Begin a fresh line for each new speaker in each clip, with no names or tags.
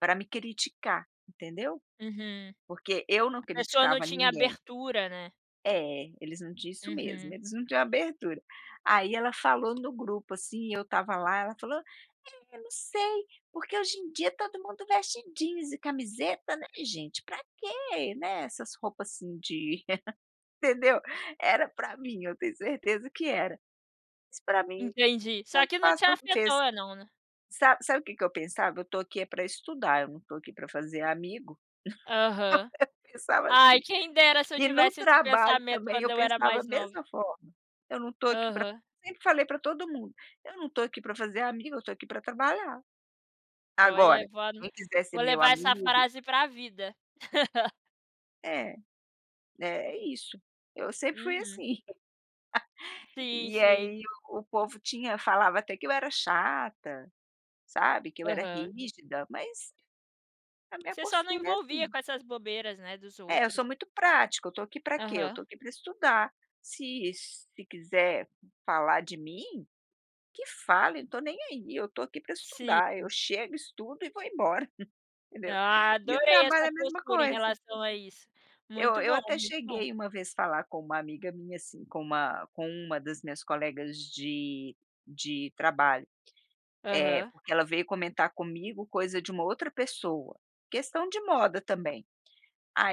Pra me criticar, entendeu?
Uhum.
Porque eu não
A pessoa não
criticava
tinha
ninguém.
abertura, né.
É, eles não tinham isso mesmo,
Uhum.
eles não tinham abertura. Aí ela falou no grupo assim, eu estava lá, ela falou: "É, não sei por que hoje em dia todo mundo veste jeans e camiseta, né, gente, pra que, né, essas roupa assim de" entendeu? Era pra mim, eu tenho certeza que era, mas pra mim
Entendi. Só
tanto
que não
faz,
te
tanto fez.
afetou não, né?
Sabe sabe o que que eu pensava? Eu estou aqui é pra estudar, eu não estou aqui pra fazer amigo.
Aham.
Eu pensava assim.
Ai, quem dera se eu
E no
tivesse esse
trabalho
pensamento
também
quando
eu
eu era
pensava a
mais nova.
mesma forma. Eu não estou aqui pra
Aham.
sempre falei pra todo mundo: "Eu não estou aqui pra fazer amigo, eu estou aqui pra trabalhar". Agora,
Olha, vou ano
quem quiser ser
vou
meu
levar essa
amigo
frase pra vida.
É, né, é isso, eu sempre fui
Uhum.
assim.
Sim,
E
sim.
aí o povo tinha falava até que eu era chata, sabe, que eu era
Aham.
rígida, mas a minha
Você só não
postura é
envolvia
assim.
com essas bobeiras, né, dos
É, eu sou
outros.
muito prática, eu estou aqui pra quê? Eu
Aham.
estou aqui pra estudar. Se se quiser falar de mim, que fale, não estou nem aí, eu estou aqui pra
Sim.
estudar, eu chego, estudo e vou embora, entendeu?
Ah,
E o
adorei
trabalho é
essa
a mesma
postura em
coisa.
relação a isso.
Eu
Muito
eu
bom,
até
muito bom.
cheguei uma vez falar com uma amiga minha assim, com uma com uma das minhas colegas de de trabalho, eh,
Aham.
porque ela veio comentar comigo coisa de uma outra pessoa, questão de moda também.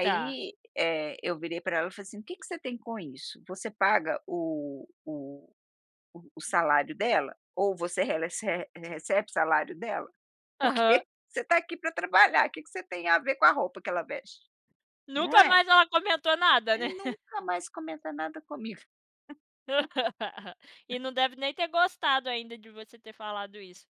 Tá.
eh, eu virei pra ela e falei assim: "O que que você tem com isso? Você paga o o o salário dela? Ou você rele rece recebe salário dela?
Aham.
Porque você está aqui pra trabalhar, que que você tem a ver com a roupa que ela veste?". Não
Nunca
é?
mais ela comentou nada, né.
Nunca mais comenta nada comigo.
E não deve nem ter gostado ainda de você ter falado isso.